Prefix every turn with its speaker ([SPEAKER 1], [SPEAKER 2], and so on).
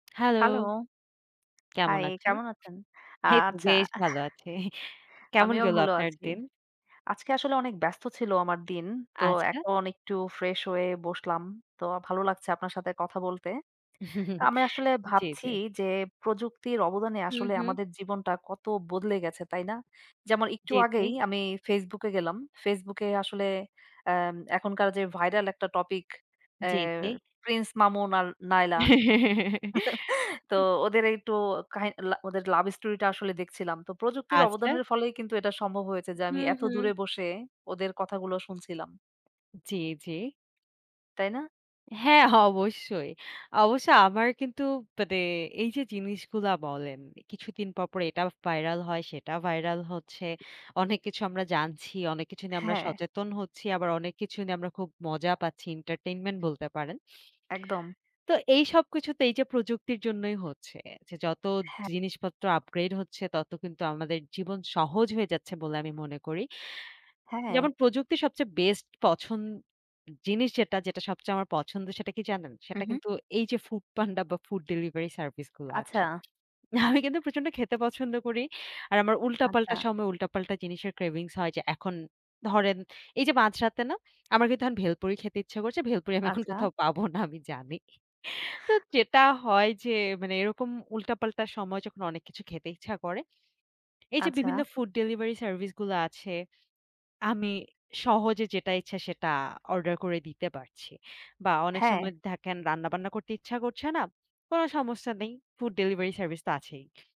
[SPEAKER 1] Hello.
[SPEAKER 2] Hello.
[SPEAKER 1] কেমন
[SPEAKER 2] high,
[SPEAKER 1] আছেন?
[SPEAKER 2] কেমন আছেন?
[SPEAKER 1] এই তো
[SPEAKER 2] আচ্ছা।
[SPEAKER 1] বেশ ভালো আছি। কেমন
[SPEAKER 2] আমিও
[SPEAKER 1] গেল
[SPEAKER 2] ভালো
[SPEAKER 1] আপনার
[SPEAKER 2] আছি।
[SPEAKER 1] দিন?
[SPEAKER 2] আজকে আসলে অনেক ব্যস্ত ছিল আমার দিন। তো
[SPEAKER 1] আচ্ছা।
[SPEAKER 2] এখন একটু ফ্রেশ হয়ে বসলাম। তো ভালো লাগছে আপনার সাথে কথা বলতে। আমি আসলে
[SPEAKER 1] জি,
[SPEAKER 2] ভাবছি
[SPEAKER 1] জি।
[SPEAKER 2] যে প্রযুক্তির অবদানে
[SPEAKER 1] হু,
[SPEAKER 2] আসলে
[SPEAKER 1] হু।
[SPEAKER 2] আমাদের জীবনটা কত বদলে গেছে, তাই না? যেমন একটু
[SPEAKER 1] জি, জি।
[SPEAKER 2] আগেই আমি Facebook এ গেলাম। Facebook এ আসলে আম এখনকার যে ভাইরাল একটা টপিক এ
[SPEAKER 1] জি, জি।
[SPEAKER 2] প্রিন্স মামুন আর নায়লা। তো ওদের একটু কাহি লা ওদের লাভ স্টোরিটা আসলে দেখছিলাম। তো প্রযুক্তির
[SPEAKER 1] আচ্ছা
[SPEAKER 2] অবদানের ফলেই কিন্তু এটা সম্ভব হয়েছে
[SPEAKER 1] উ
[SPEAKER 2] যে আমি এত
[SPEAKER 1] হু,
[SPEAKER 2] দূরে
[SPEAKER 1] হু।
[SPEAKER 2] বসে ওদের কথাগুলো শুনছিলাম।
[SPEAKER 1] জি, জি।
[SPEAKER 2] তাই না?
[SPEAKER 1] হ্যাঁ, অবশ্যই। অবশ্যই আমার কিন্তু মানে এইযে জিনিসগুলা বলেন, কিছুদিন পরপর এটা ভাইরাল হয়, সেটা ভাইরাল হচ্ছে। অনেক কিছু আমরা জানছি, অনেক কিছু নিয়ে আমরা
[SPEAKER 2] হ্যাঁ।
[SPEAKER 1] সচেতন হচ্ছি। আবার অনেক কিছু নিয়ে আমরা খুব মজা পাচ্ছি। entertainment বলতে পারেন
[SPEAKER 2] একদম।
[SPEAKER 1] তো এইসব কিছুতে এইযে প্রযুক্তির জন্যই হচ্ছে। যে যত
[SPEAKER 2] হ্যাঁ।
[SPEAKER 1] জিনিসপত্র upgrade হচ্ছে, তত কিন্তু আমাদের জীবন সহজ হয়ে যাচ্ছে বলে আমি মনে করি। যেমন
[SPEAKER 2] হ্যাঁ।
[SPEAKER 1] প্রযুক্তির সবচেয়ে বেস্ট পছন জিনিস যেটা যেটা সবচেয়ে আমার পছন্দ, সেটা কি জানেন?
[SPEAKER 2] হু,
[SPEAKER 1] সেটা
[SPEAKER 2] হু।
[SPEAKER 1] কিন্তু এইযে Foodpanda বা, ফুড ডেলিভারি সার্ভিসগুলো আছে।
[SPEAKER 2] আচ্ছা।
[SPEAKER 1] আমি কিন্তু প্রচন্ড খেতে পছন্দ করি। আর আমার
[SPEAKER 2] আচ্ছা।
[SPEAKER 1] উল্টাপাল্টা সময় উল্টাপাল্টা জিনিসের cravings হয় যে এখন ধরেন এইযে মাঝরাতে না, আমার কিন্তু এখন ভেলপুরি খেতে ইচ্ছা করছে। ভেলপুরি আমি এখন
[SPEAKER 2] আচ্ছা।
[SPEAKER 1] কোথাও পাবো না আমি জানি। তো যেটা হয় যে মানে এরকম উল্টাপাল্টা সময় যখন অনেক কিছু খেতে ইচ্ছা করে, এইযে বিভিন্ন
[SPEAKER 2] আচ্ছা।
[SPEAKER 1] ফুড ডেলিভারি সার্ভিসগুলো আছে। আমি সহজে যেটা ইচ্ছা সেটা অর্ডার করে দিতে পারছি। বা, অনেক
[SPEAKER 2] হ্যাঁ।
[SPEAKER 1] সময় থাকেন রান্নাবান্না করতে ইচ্ছা করছে না। কোন সমস্যা নেই। ফুড ডেলিভারি সার্ভিস তো আছেই।